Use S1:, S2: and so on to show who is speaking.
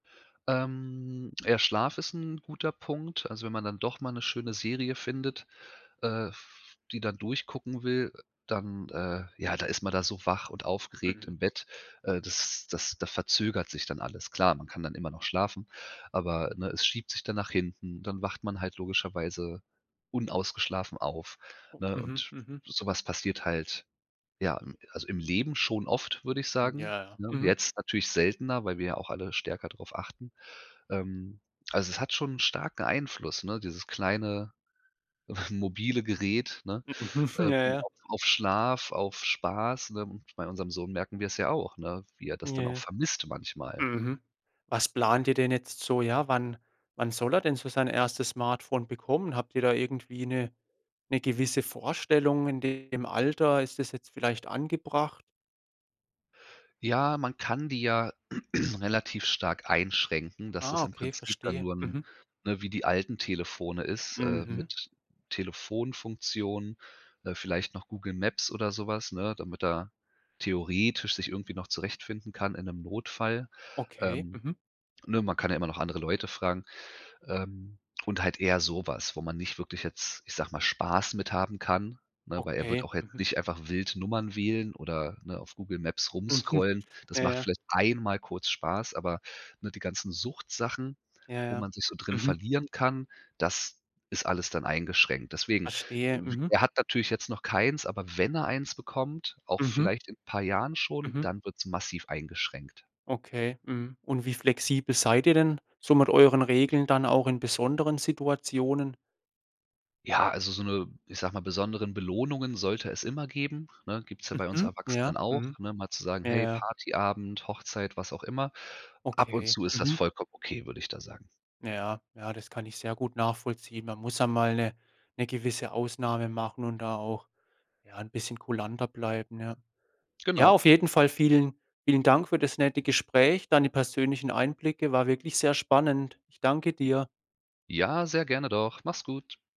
S1: Ähm, ja, Schlaf ist 'n guter Punkt. Also, wenn man dann doch mal 'ne schöne Serie findet, äh, f die dann durchgucken will, äh, dann äh ja, da ist man da so wach und aufgeregt
S2: Mhm.
S1: im Bett. Äh, das das da verzögert sich dann alles. Klar, man kann dann immer noch schlafen, aber, ne, es schiebt sich dann nach hinten, dann wacht man halt logischerweise unausgeschlafen auf, ne,
S2: Mhm.
S1: und
S2: Mhm.
S1: so was passiert halt. Ja, im also im Leben schon oft, würde ich sagen,
S2: Ja, ja.
S1: ne?
S2: Mhm.
S1: Jetzt natürlich seltener, weil wir ja auch alle stärker drauf achten. Ähm, also, es hat schon 'n starken Einfluss, ne, dieses kleine, mobile Gerät, ne,
S2: Ja,
S1: ähm,
S2: ja.
S1: auf auf Schlaf, auf Spaß, ne? Bei unserem Sohn merken wir's ja auch, ne, wie er das dann auch
S2: Ja.
S1: vermisst manchmal.
S2: Mhm. Was Plant ihr denn jetzt so? Ja, wann wann soll er denn so sein erstes Smartphone bekommen? Habt ihr da irgendwie 'ne 'ne gewisse Vorstellung in dem Alter? Ist das jetzt vielleicht angebracht?
S1: Ja, man kann die ja relativ stark einschränken, dass
S2: Ah,
S1: das im
S2: okay,
S1: Prinzip dann
S2: verstehe.
S1: nur 'n
S2: Mhm.
S1: ne, wie die alten Telefone ist, äh,
S2: Mhm.
S1: mit Telefonfunktion, äh, vielleicht noch Google Maps oder so was, ne, damit er theoretisch sich irgendwie noch zurechtfinden kann in 'nem Notfall,
S2: Okay.
S1: ähm.
S2: Mhm.
S1: Ne, man kann ja immer noch andere Leute fragen ähm, und halt eher sowas, wo man nicht wirklich jetzt- ich sag mal- Spaß mit haben kann, ne, weil er wird
S2: Okay.
S1: auch jetzt
S2: Mhm.
S1: nicht einfach wild Nummern wählen oder, ne, auf Google Maps
S2: Mhm.
S1: rumscrollen. Das
S2: Ja,
S1: macht
S2: ja.
S1: vielleicht einmal kurz Spaß, aber, ne, die ganzen Suchtsachen,
S2: Ja,
S1: wo
S2: ja.
S1: man sich so drin
S2: Mhm.
S1: verlieren kann, das ist alles dann eingeschränkt. Deswegen
S2: Verstehe, mhm.
S1: er hat natürlich jetzt noch keins, aber wenn er eins bekommt, auch
S2: Mhm.
S1: vielleicht in 'n paar Jahren schon,
S2: Mhm.
S1: dann wird's massiv eingeschränkt.
S2: Okay. Mhm, und wie flexibel seid ihr denn so mit euren Regeln dann auch in besonderen Situationen?
S1: Ja, also, so 'ne- ich sage mal- besonderen Belohnungen sollte es immer geben, ne, gibt's ja bei uns
S2: Mhm. Ja.
S1: Erwachsenen auch,
S2: Mhm.
S1: ne, mal zu sagen:
S2: Ja,
S1: „Hey,
S2: ja.
S1: Partyabend, Hochzeit, was auch immer“. Ab und
S2: Okay.
S1: zu ist das
S2: Mhm.
S1: vollkommen okay, würde ich da sagen.
S2: Ja, ja, das kann ich sehr gut nachvollziehen. Man muss einmal 'ne 'ne gewisse Ausnahme machen und da auch, ja, 'n bisschen kulanter bleiben, ja. Ja,
S1: Genau.
S2: auf jeden Fall vielen vielen Dank für das nette Gespräch, deine persönlichen Einblicke. War wirklich sehr spannend. Ich danke dir.
S1: Ja, sehr gerne doch, mach's gut.